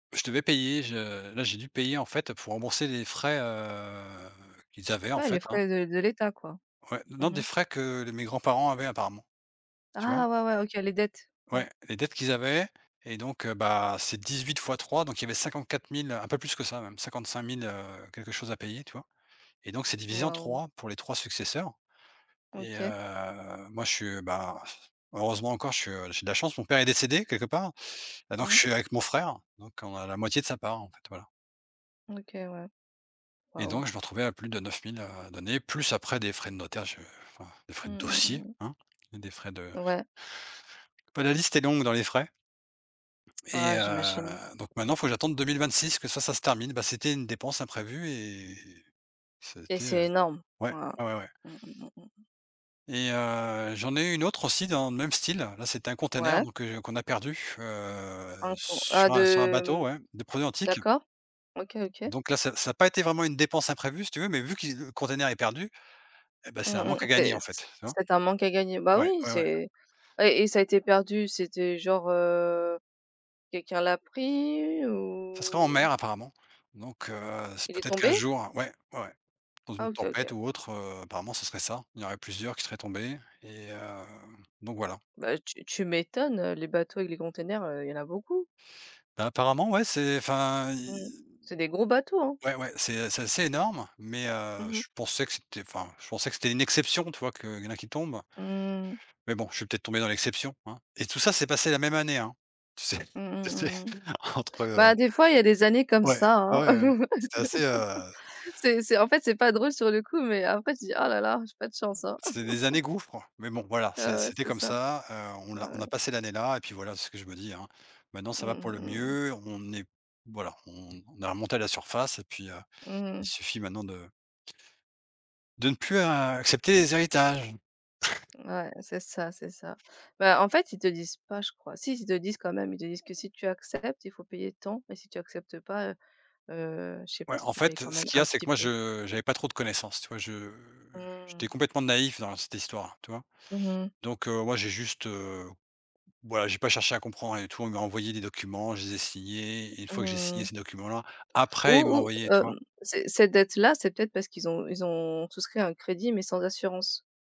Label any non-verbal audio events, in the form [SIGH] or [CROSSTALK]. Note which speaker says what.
Speaker 1: Je devais payer je là j'ai dû payer, en fait, pour rembourser les frais, heu, qu'ils avaient, en
Speaker 2: Ouais
Speaker 1: fait,
Speaker 2: les
Speaker 1: hein.
Speaker 2: frais de de l'État, quoi.
Speaker 1: Ouais, non,
Speaker 2: Mmh
Speaker 1: des
Speaker 2: mh.
Speaker 1: frais que le mes grands-parents avaient apparemment, tu vois?
Speaker 2: Ah, ouais, ouais, OK. Les dettes. Ouais.
Speaker 1: Ouais, les dettes qu'ils avaient et donc heu, bah, c'est 18 fois 3, donc il y avait 54 000, un peu plus que ça même, cinquante cinq mille-quelque chose à payer, tu vois? Et donc c'est divisé en
Speaker 2: Waouh.
Speaker 1: 3 pour les 3 successeurs, et
Speaker 2: OK.
Speaker 1: heu, moi, je suis, bah, [CHUCKLES] heureusement encore, che j'ai de la chance, mon père est décédé, quelque part, donc je
Speaker 2: Mmh.
Speaker 1: suis avec mon frère, donc on a la moitié de sa part, en fait, voilà.
Speaker 2: OK, ouais.
Speaker 1: Et
Speaker 2: Waouh.
Speaker 1: donc je me retrouvais à plus de 9000 à donner, plus, après des frais de notaire, je enfin, des frais
Speaker 2: Mmh
Speaker 1: de
Speaker 2: mh, mmh
Speaker 1: dossier
Speaker 2: mh.
Speaker 1: hein, des frais de
Speaker 2: Ouais.
Speaker 1: bah, la liste est longue dans les frais et
Speaker 2: Ah j'imagine.
Speaker 1: heu, donc maintenant, il faut que j'attende 2026, que ça, ça se termine. Bah, c'était une dépense imprévue et ça a
Speaker 2: Et
Speaker 1: été, heu,
Speaker 2: c'est énorme.
Speaker 1: ouais,
Speaker 2: Waouh.
Speaker 1: ouais ouais ouais.
Speaker 2: Mmh mh, mmh mh.
Speaker 1: Et heu, j'en ai eu une autre aussi, dans le même style. Là, c'était un container
Speaker 2: Ouais.
Speaker 1: donc heu, qu'on a perdu, heu,
Speaker 2: Incon ah
Speaker 1: sur un sur un
Speaker 2: de,
Speaker 1: bateau
Speaker 2: mmh
Speaker 1: ouais, des produits antiques
Speaker 2: d'accord. OK, OK.
Speaker 1: donc là, ça ça a pas été vraiment une dépense imprévue, si tu veux, mais vu qui le container est perdu et ben c'est
Speaker 2: Mmh
Speaker 1: un manque
Speaker 2: mh,
Speaker 1: à gagner,
Speaker 2: c'est
Speaker 1: en
Speaker 2: c'est
Speaker 1: fait, tu vois?
Speaker 2: c'est un manque à gagner. Bah,
Speaker 1: Ouais,
Speaker 2: oui
Speaker 1: ouais, ouais.
Speaker 2: c'est et et ça a été perdu, c'était genre, heu, quelqu'un l'a pris
Speaker 1: Ça serait en
Speaker 2: ou
Speaker 1: mer, apparemment donc heu, c'est
Speaker 2: il est
Speaker 1: peut-être qu'un
Speaker 2: tombé?
Speaker 1: jour ouais, ouais, dans
Speaker 2: Ah,
Speaker 1: une
Speaker 2: OK, OK.
Speaker 1: tempête ou autre, heu, apparemment, ce serait ça. Il y en aurait plusieurs qui seraient tombés et heu, donc voilà.
Speaker 2: Bah, tu tu m'étonnes, heu, les bateaux et les containers, heu, il y en a beaucoup.
Speaker 1: Apparemment, ouais, c'est enfin,
Speaker 2: Mmh,
Speaker 1: i
Speaker 2: c'est des gros bateaux, hein.
Speaker 1: ouais, ouais, c'est c'est assez énorme mais heu,
Speaker 2: Mmh mh.
Speaker 1: je pensais que c'était enfin, je pensais que c'était une exception, tu vois? Qu'il y en a qui tombent.
Speaker 2: Mmh.
Speaker 1: Mais bon, je suis peut-être tombé dans l'exception, hein? Et tout ça s'est passé la même année, hein? Tu sais?
Speaker 2: Mmh
Speaker 1: Tu
Speaker 2: mh,
Speaker 1: sais?
Speaker 2: mmh mh.
Speaker 1: entre heu
Speaker 2: Bah, des fois il y a des années comme
Speaker 1: ouais,
Speaker 2: ça,
Speaker 1: ouais
Speaker 2: hein.
Speaker 1: ouais. C'était assez, heu
Speaker 2: [CHUCKLES] C'est c'est, en fait, c'est pas drôle sur le coup, mais en fait, je dis: «Ah la la, j'ai pas de chance, hein.»
Speaker 1: C'était des années
Speaker 2: [CHUCKLES]
Speaker 1: gouffre, mais bon voilà,
Speaker 2: Ouais,
Speaker 1: c'est
Speaker 2: ouais
Speaker 1: c'était
Speaker 2: c'est
Speaker 1: comme
Speaker 2: ça.
Speaker 1: ça, heu, on
Speaker 2: Ouais,
Speaker 1: l'a «On a
Speaker 2: ouais.
Speaker 1: passé l'année-là» et puis voilà, c'est ce que je me dis, hein, maintenant ça
Speaker 2: Mmh
Speaker 1: va pour le
Speaker 2: mh, mmh mh.
Speaker 1: mieux, on est p voilà, on on a remonté la surface, et puis, heu,
Speaker 2: Mmh
Speaker 1: il
Speaker 2: mh.
Speaker 1: suffit maintenant de de ne plus, heu, accepter les héritages. [CHUCKLES]
Speaker 2: Ouais, c'est ça. C'est ça, bah, en fait, ils te disent pas je crois. Si, ils te disent quand même ils te disent que si tu acceptes, il faut payer tant et si tu acceptes pas, heu, heu, je sais
Speaker 1: Ouais
Speaker 2: pas, si
Speaker 1: en
Speaker 2: tu payes
Speaker 1: fait,
Speaker 2: quand
Speaker 1: ce
Speaker 2: même
Speaker 1: qu'il y a,
Speaker 2: un
Speaker 1: c'est que
Speaker 2: petit
Speaker 1: moi
Speaker 2: peu.
Speaker 1: je j'avais pas trop de connaissances, tu vois? Je j'étais
Speaker 2: Mmh.
Speaker 1: complètement naïf dans cette histoire, tu vois?
Speaker 2: Mmh mh.
Speaker 1: Donc heu, ouais, j'ai juste, heu, voilà, j'ai pas cherché à comprendre rien du tout. On lui a envoyé des documents, je les ai signés et une fois que j'ai
Speaker 2: Mmh
Speaker 1: signé
Speaker 2: mh.
Speaker 1: ces documents-là,
Speaker 2: Ou
Speaker 1: après, ils me l'ont
Speaker 2: ou,
Speaker 1: envoyé, tu vois?
Speaker 2: hem, ces ces dettes-là, c'est peut-être parce qu'ils ont ils ont souscrit un crédit, mais sans assurance.